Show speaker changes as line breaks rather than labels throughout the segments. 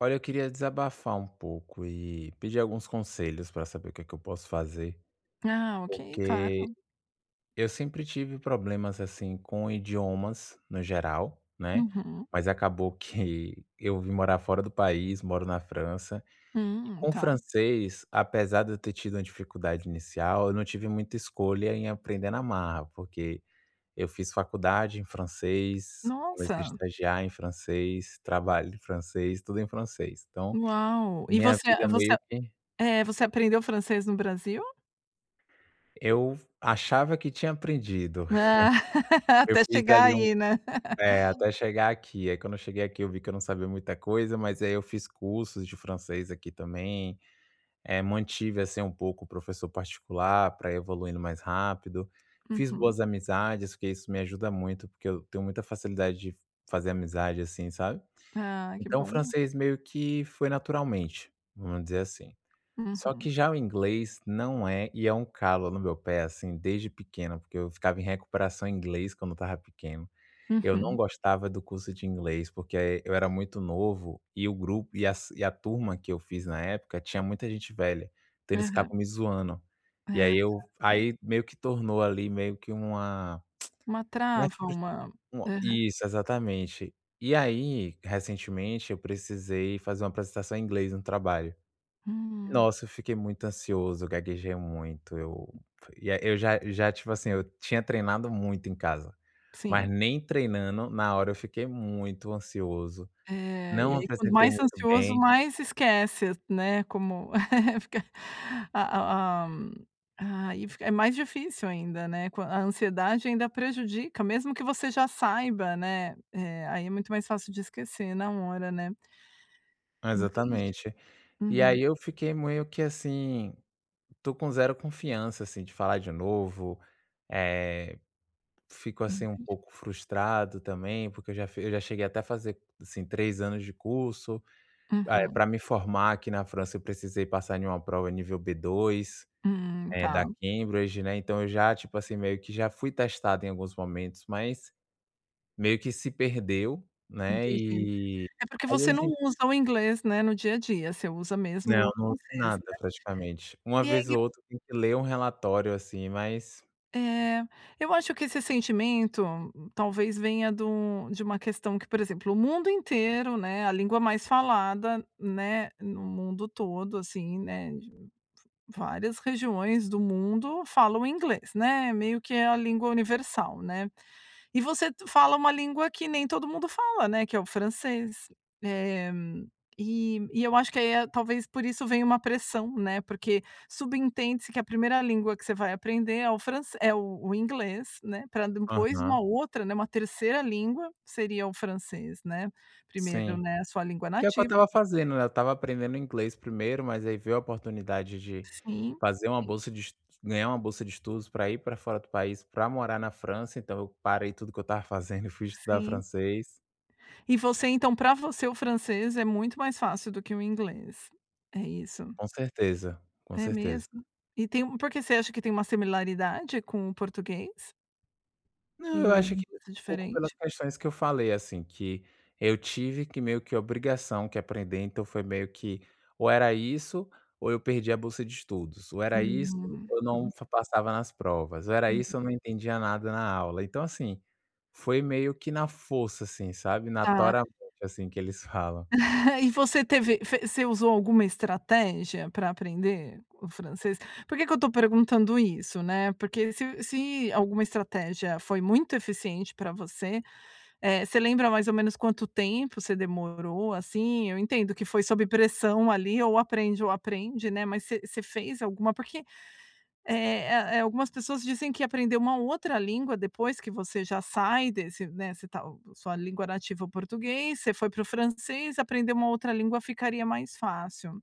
Olha, eu queria desabafar um pouco e pedir alguns conselhos pra saber o que que eu posso fazer,
Ah, ok,
porque
claro.
eu sempre tive problemas, assim, com idiomas, no geral, né,
Uhum.
mas, acabou que eu vim morar fora do país, moro na França, e
Hum,
com o
tá.
francês, apesar de eu ter tido uma dificuldade inicial, eu não tive muita escolha, em aprender na marra, porque eu fiz faculdade em francês, comecei a
Nossa.
estagiar em francês, trabalho em francês, tudo em francês. Então,
Uau! E
minha
você
vida
a
é
você
meio
a,
que
eh, você aprendeu francês no Brasil?
Eu achava que tinha aprendido.
Ah,
Eu
até
fiz
chegar
ali um
aí, né.
eh, até chegar aqui, aí quando eu cheguei aqui, eu vi que eu não sabia muita coisa, mas aí eu fiz cursos de francês aqui, também. Eh, mantive, assim, um pouco o professor particular pra evoluindo mais rápido. Fiz
Uhum.
boas amizades, porque isso me ajuda muito, porque eu tenho muita facilidade de fazer amizade, assim, sabe.
Ah, que
Então, o
bom.
francês meio que foi naturalmente, vamos dizer assim. Só
Uhum.
que, já o inglês, não é, e é um calo no meu pé assim, desde pequeno, porque eu ficava em recuperação em inglês quando eu estava pequeno, eu não
Uhum.
gostava do curso de inglês, porque eu era muito novo e o grupo e as e a turma, que eu fiz na época, tinha muita gente velha, então eles
Aham.
ficavam me zoando. E
Ah,
aí
tá,
eu
tá.
aí meio que tornou ali meio que uma
Uma
né,
trava
frus
uma
uma
Aham.
Isso ,exatamente. E, aí, recentemente, eu precisei fazer uma apresentação em inglês no trabalho.
Hum.
Nossa, eu fiquei muito ansioso, gaguejei muito, eu e eu j já já tipo, assim, eu tinha treinado muito em casa, mas
Sim.
nem treinando, na hora eu fiquei muito ansioso,
É, e
não
aí, quando
apresentei
mais
muito
ansioso,
bem
mais se esquece, né, como fica a a a, hã, aí fica é mais difícil ainda, né, quan a ansiedade ainda prejudica, mesmo que você já saiba, né, eh, aí é muito mais fácil de esquecer na hora, né. Entendi,
Exatamente. E,
uhum.
aí, eu fiquei meio que assim, estou com zero confiança, assim, de falar de novo, eh, fico, assim, um
Entendi.
pouco frustrado, também, porque eu já fi eu já cheguei até a fazer, assim, 3 anos de curso. Eh,
Uhum.
pra me formar aqui na França, eu precisei passar numa prova nível B2,
Hum,
eh, da
tá.
Cambridge, né. Então eu já tipo assim, meio que já fui testado em alguns momentos, mas meio que se perdeu, né,
Entendi,
e
é porque
aí
você não
hoje em
usa o inglês, né, no dia a dia você usa
Não,
mesmo
não
o
uso em
francês,
nada,
né.
praticamente. Uma vez ou
[unintelligible]
outra, tem que ler um relatório, assim, mas
É. Eu acho que esse sentimento, talvez venha de um de uma questão que, por exemplo, o mundo inteiro, né, a língua mais falada, né, no mundo todo, assim, né, de várias regiões do mundo falam inglês, né, meio que é a língua universal, né. E você t fala uma língua que nem todo mundo fala, né, que é o francês. Eh, e e eu acho que aí, eh, talvez por isso venha uma pressão, né, porque subentende-se que a 1ª língua que você vai aprender é o franc é o o inglês, né, pra depois uma
Aham.
outra, né, uma 3ª língua, seria o francês, né. Primeiro,
Sim.
né, a sua língua
Que é o que eu
nativa.
estava
[unintelligible]
fazendo, né, eu estava aprendendo inglês primeiro, mas aí veio a oportunidade de
Sim.
fazer uma bolsa de es ganhar uma bolsa de estudos, pra ir pra fora do país, pra morar na França. Então eu parei tudo o que eu estava fazendo, e fui estudar
Sim.
francês.
E você então, pra você, o francês é muito mais fácil do que o inglês. É isso?
Com certeza. Com
É
certeza.
mesmo? E tem por que, você acha que tem uma similaridade com o português?
Não, eu
E o
acho que
inglês é
pouco pelas
diferente?
questões que eu falei, assim, que eu tive que, meio que obrigação, que aprender, então foi meio que ou era isso, ou eu perdia a bolsa de estudos; ou era isso,
Uhum.
ou não f passava nas provas; ou era
Uhum.
isso, ou não entendia nada na aula. Então, assim, foi meio que na força, assim, sabe,
Tá.
natoralmente, assim, que eles falam.
E você teve fe você usou alguma estratégia pra aprender o francês? Porque que eu tô perguntando isso, né? Porque se se alguma estratégia foi muito eficiente pra você, eh, você lembra mais ou menos quanto tempo você demorou, assim? Eu entendo que foi sob pressão ali, ou aprende ou aprende, né, mas você você fez alguma? Porque, eh eh eh, algumas pessoas dizem que aprender uma outra língua depois que você já sai desse, né, você tá sua língua nativa é o português, você foi para o francês, aprender uma outra língua ficaria mais fácil.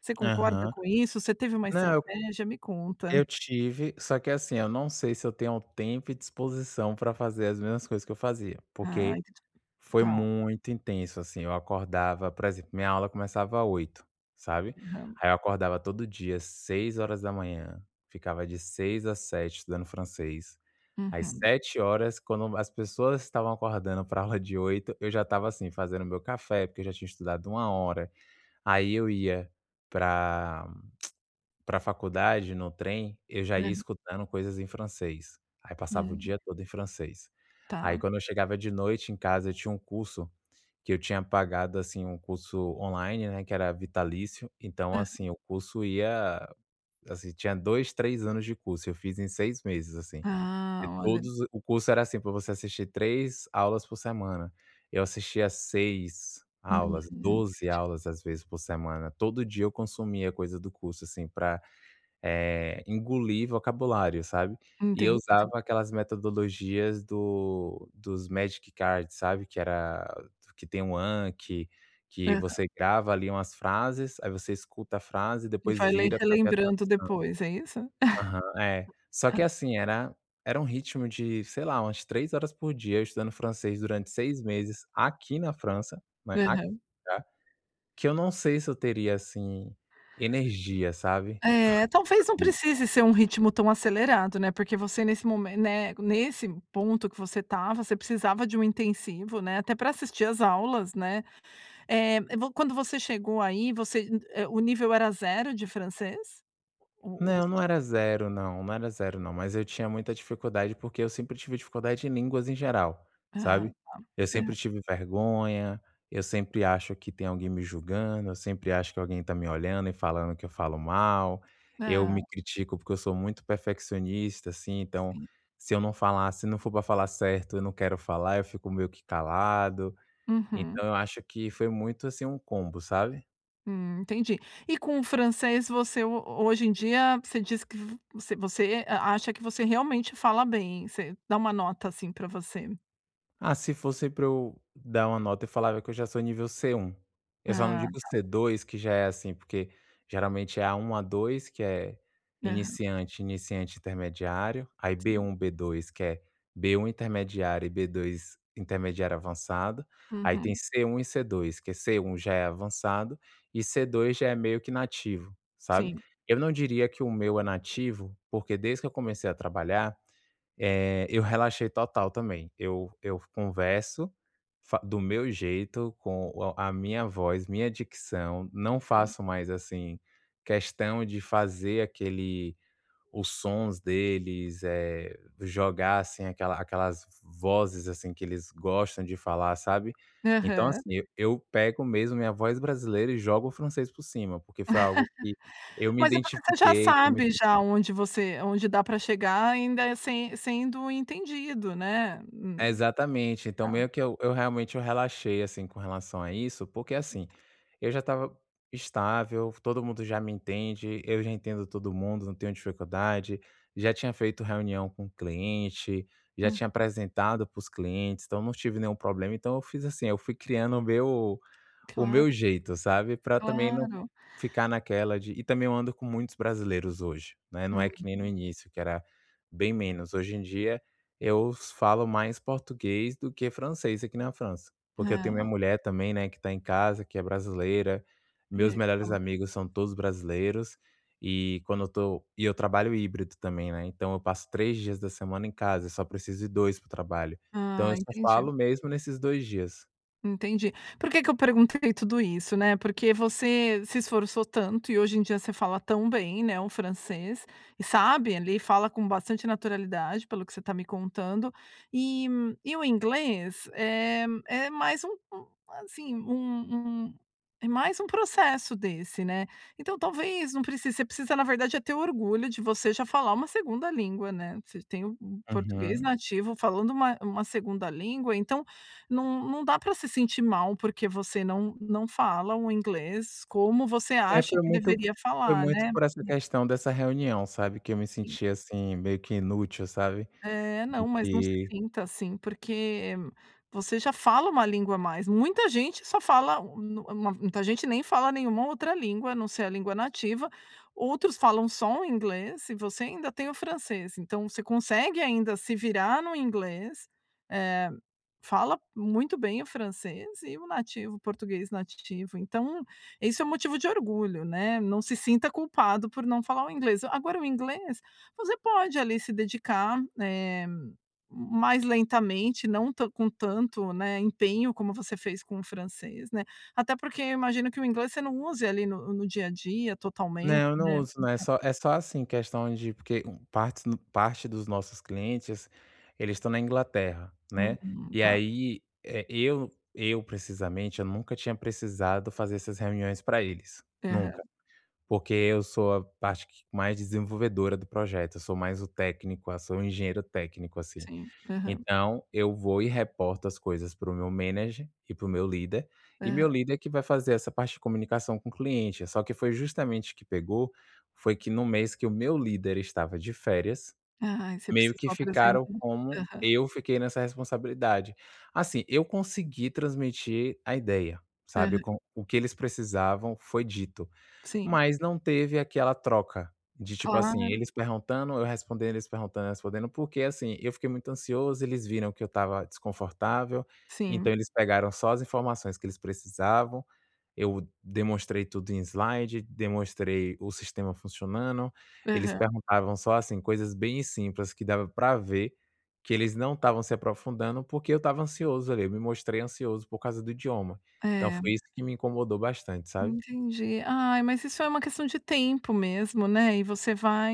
Você concorda
Aham.
com isso? Você teve uma
Não, eu co
estratégia? Me conta.
eu tive, só que assim, eu não sei se eu tenho tempo e disposição pra fazer as mesmas coisas que eu fazia,
Ah,
porque
[unintelligible]
foi
tá.
muito intenso, assim, eu acordava por exemplo: minha aula começava 8h, sabe,
Aham.
aí eu acordava todo dia 6h, ficava de 6h às 7h estudando francês, às
Uhum.
7h, quando as pessoas estavam acordando pra aula de 8h, eu já estava, assim, fazendo o meu café, porque eu já tinha estudado 1h, aí eu ia pra pra faculdade no trem, eu já ia
É.
escutando coisas em francês. Aí passava o
Hum.
dia todo em francês. Aí,
Tá.
quando eu chegava de noite em casa, eu tinha um curso que eu tinha pagado, assim, um curso online, né, que era vitalício. Então,
Aham.
assim, o curso ia, assim, tinha 2, 3 anos de curso, eu fiz em 6 meses, assim. E
Ah, olha.
todos o curso era, assim, pra você assistir 3 aulas por semana, eu assistia 6 aulas,
Hum.
12 aulas, às vezes, por semana. Todo dia eu consumia coisa do curso, assim, pra, eh, engolir vocabulário, sabe? E eu
Entendi.
usava aquelas metodologias do dos magic cards, sabe? Que era que tem um anque, que que
Aham.
você grava ali umas frases, aí você escuta a frase,
E
depois
vai lem
vira pra ver a
relembrando depois, é isso?
tradução. Aham. É. Só que, assim, era era um ritmo de, sei lá, umas 3h por dia eu estudando francês durante 6 meses aqui na França, né, aqui,
Aham.
tá? Que eu não sei se eu teria, assim, energia, sabe?
É, talvez não
[unintelligible]
precise ser um ritmo tão acelerado, né, porque você nesse momen né, nesse ponto que você estava, você precisava de um intensivo, né, até pra assistir as aulas, né? Eh, vo quando você chegou aí, você hum é o nível era 0 de francês ou ou
Não,
você
não
já
era
sabia?
0 não, não era 0 não. Mas eu tinha muita dificuldade, porque eu sempre tive dificuldade em línguas em geral,
Ah,
sabe? Eu
tá.
sempre
Aham.
tive vergonha, eu sempre acho que tem alguém me julgando, eu sempre acho que alguém tá me olhando e falando que eu falo mal, eu
Ah.
me critico porque eu sou muito perfeccionista, assim, então,
Sim.
se eu não falar se não for pra falar certo eu não quero falar, eu fico meio que calado.
Uhum.
Então, eu acho que foi muito, assim, um combo, sabe?
Hum, entendi. E com o francês, você ho hoje em dia, você diz que v você você a acha que você realmente fala bem? Você dá uma nota, assim, para você.
Ah, se fosse pra eu dar uma nota, eu falava que eu já sou nível C1. Eu só não
Ah,
digo
tá.
C2, que já é assim porque geralmente é A1, A2, que é
Aham.
iniciante, iniciante-intermediário. Aí
Sim.
B1, B2, que é B1, intermediário, e B2, intermediário-avançado. Aí tem
Uhum.
C1 e C2, que é C1, já é avançado, e C2, já é meio que nativo, sabe.
Sim.
Eu não diria que o meu é nativo, porque desde que eu comecei a trabalhar, eh, eu relaxei total também. Eu eu converso, fa do meu jeito, com a a minha voz, minha dicção. Não
[unintelligible]
faço mais, assim, questão de fazer aquele os sons deles, eh, jogar assim, aquela aquelas v vozes, assim, que eles gostam de falar, sabe. Então
Aham.
assim, eu eu pego mesmo minha voz brasileira, e jogo o francês por cima, porque foi algo que eu me
Mas é porque você já
identifiquei com
sabe
isso
já onde você onde dá para chegar ainda, eh, se sendo entendido, né. Hum.
Exatamente. Então
Tá.
meio que eu eu realmente, eu relaxei, assim, com relação a isso, porque assim, eu já estava estável, todo mundo já me entende, eu já entendo todo mundo, não tenho dificuldade. Já tinha feito reunião com cliente, já tinha
Uhum.
apresentado para os clientes, então eu não tive nenhum problema. Então eu fiz assim, eu fui criando o meu o meu
Claro.
jeito, sabe, pra também não
Claro.
ficar naquela de e também eu ando com muitos brasileiros hoje, né. Não é que nem no
Uhum.
início, que era bem menos. Hoje em dia eu falo mais português do que francês aqui na França. Porque eu tenho minha
Ah.
mulher também, né, que tá em casa, que é brasileira.
E
Meus
aí você
melhores
fala tudo?
amigos, são todos brasileiros. E quando eu tô e eu trabalho híbrido também, né, então eu passo 3 dias da semana em casa, eu só preciso ir 2 para o trabalho. Então eu
Ah,
só
entendi.
falo mesmo nesses 2 dias.
Entendi. Por que que eu perguntei tudo isso, né? Porque você se esforçou tanto, e hoje em dia você fala tão bem, né, o francês. E sabe, ali, fala com bastante naturalidade, pelo que você tá me contando. E e o inglês é é mais um um assim, um um é mais um processo desse, né. Então, talvez não precise você precisa, na verdade, é ter orgulho de você já falar uma 2ª língua, né. Você tem o o português
Uhum.
nativo, falando uma uma 2ª língua, então não não dá para se sentir mal, porque você não não fala um inglês como você
É,
acha
foi
que
muito f
deveria
foi
falar,
muito
né.
por essa questão dessa reunião, sabe, que eu me
Uhum.
senti assim, meio que inútil, sabe.
É.
Do
Não, mas não se
que
sinta assim, porque você já fala 1 língua a mais. Muita gente só fala, hum, nu mu muita gente nem fala nenhuma outra língua, a não ser a língua nativa. Outros falam só o inglês, e você ainda tem o francês. Então você consegue ainda se virar no inglês, eh, fala muito bem o francês, e o nativo o português nativo. Então, isso é o motivo de orgulho, né. Não se sinta culpado por não falar o inglês. Agora o inglês, você pode, ali, se dedicar, eh, m mais lentamente, não tan com tanto, né, empenho, como você fez com o francês, né. Até porque, eu imagino que o inglês você não use, ali, no no dia a dia, totalmente,
Não, eu não
né.
uso não, é
Então
só é só assim, questão de porque, hum, partes no parte dos nossos clientes, eles estão na Inglaterra, né.
Uhum,
E
tá.
aí, eh, eu eu, precisamente, eu nunca tinha precisado fazer essas reuniões para eles.
Aham.
Nunca. Porque eu sou a parte que mais desenvolvedora do projeto, eu sou mais o técnico, ah, sou um engenheiro técnico, assim.
Sim, aham.
Então, eu vou e reporto as coisas para o meu manager e para o meu líder, e
Aham.
meu líder que vai fazer essa parte de comunicação com o cliente. Só que foi justamente que pegou, foi que no mês que o meu líder estava de férias,
Ai, você
meio que
precisou apresen
ficaram como
aham.
eu fiquei nessa responsabilidade. Assim, eu consegui transmitir a ideia, sabe,
Aham.
com o que eles precisavam, foi dito.
Sim.
Mas não teve aquela troca de, tipo assim,
Claro.
eles perguntando, eu respondendo, eles perguntando, eu respondendo, porque, assim, eu fiquei muito ansioso, eles viram que eu estava desconfortável,
Sim.
então eles pegaram só as informações que eles precisavam. Eu demonstrei tudo em slide, demonstrei o sistema funcionando. Eles
Aham.
perguntavam só assim, coisas bem simples, que dava pra ver que eles não estavam se aprofundando, porque eu estava ansioso, ali, eu me mostrei ansioso por causa do idioma. Então
É.
foi isso que me incomodou bastante, sabe.
Entendi. Ai, mas isso é uma questão de tempo mesmo, né. E você vai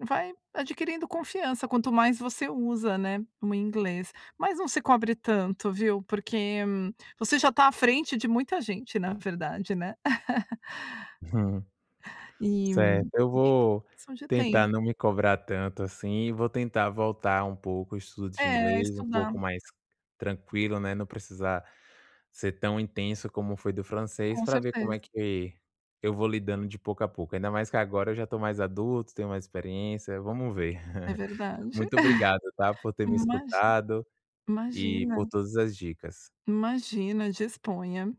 vai adquirindo confiança, quanto mais você usa, né, o inglês. Mas não se cobre tanto, viu, porque você já tá à frente de muita gente, na verdade, né. E
Certo, eu
[unintelligible]
vou
de tem
tentar não me cobrar tanto, assim, e vou tentar voltar um pouco o estudo de
É,
inglês, um
estudar.
pouco mais tranquilo, né. Não precisar ser tão intenso como foi do francês,
Com
pra ver como
certeza.
é que eu vou lidando de pouco a pouco, ainda mais que agora eu já tô mais adulto, tenho mais experiência. Vamos ver.
É verdade.
Muito obrigado, tá, por ter me
Imagi
escutado e por
imagina.
todas as dicas.
Imagina, disponha.